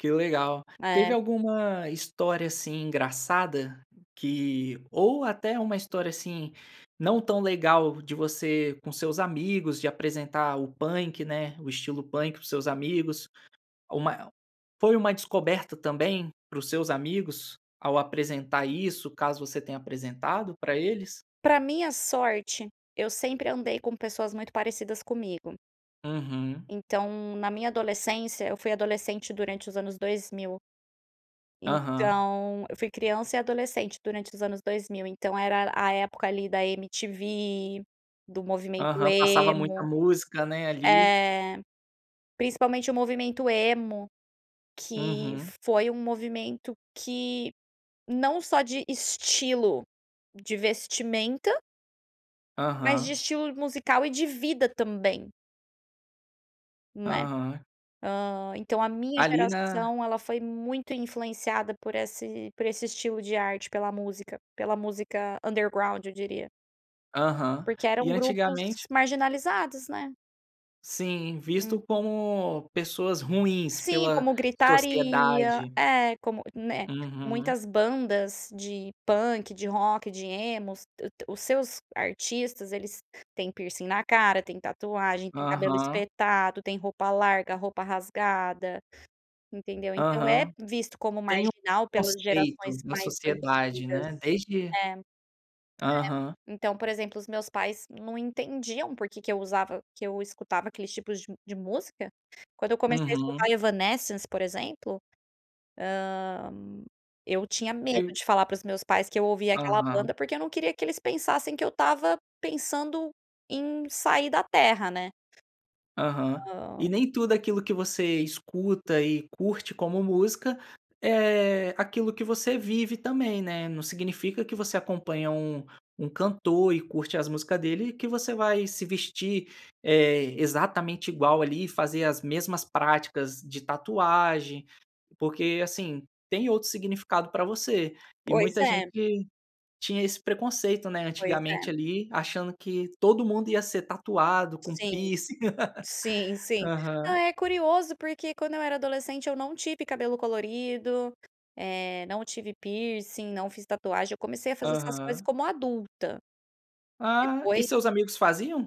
Que legal. Teve É. alguma história, assim, engraçada que ou até uma história, assim, não tão legal de você com seus amigos de apresentar o punk, né, o estilo punk para os seus amigos? Ou má el foi uma descoberta também para os seus amigos ao apresentar isso, caso você tenha apresentado pra eles? Pra minha sorte, eu sempre andei com pessoas muito parecidas comigo. Uhum. Então, na minha adolescência, eu fui adolescente durante os anos 2000, Aham. então, eu fui criança e adolescente durante os anos 2000, então era a época ali da MTV, do movimento Aham, passava muita Emo, música né ali. eh, principalmente o movimento Emo que Uhum. foi um movimento que, não só de estilo, de vestimenta mas de Aham. estilo musical e de vida também Né. Aham. Hã, então a minha Ali na geração ela foi muito influenciada por esse por esse estilo de arte, pela música, pela música underground, eu diria. Aham. Porque E, eram grupos antigamente marginalizados, né. Sim, visto Uhum. como pessoas ruins Sim, pela como gritaria, sociedade. é, como né, Uhum. muitas bandas de punk, de rock, de emos, dã tã os seus artistas eles, têm piercing na cara, tem tatuagem, tem cabelo Aham. espetado, tem roupa larga, roupa rasgada, entendeu. Então é Aham. visto como Tem um marginal pelas gerações conceito na mais sociedade, antigas. né, desde É, é. Aham. Então, por exemplo, os meus pais não entendiam porque que eu usava que eu escutava aqueles tipos de de música. Quando eu comecei a Uhum. escutar Evanessence, por exemplo, hã, eu tinha medo E de falar para os meus pais que eu ouvia aquela banda, Aham. porque eu não queria que eles pensassem que eu estava pensando em, "sair da terra", né. Aham. Hã E nem tudo aquilo que você escuta e curte como música é aquilo que você vive também, né, não significa que você acompanha um um cantor e curte as músicas dele, que você vai se vestir, eh, exatamente igual ali e fazer as mesmas práticas de tatuagem, porque, assim, tem outro significado pra você. E Pois muita é. gente tinha esse preconceito, né, Pois antigamente é. ali achando que todo mundo ia ser tatuado, com Sim. piercing. Sim, sim. Não, Aham. é curioso porque quando eu era adolescente eu não tive cabelo colorido, eh, não tive piercing, não fiz tatuagem, eu comecei a fazer essas coisas Aham. como adulta. Ah. E Depois seus amigos faziam?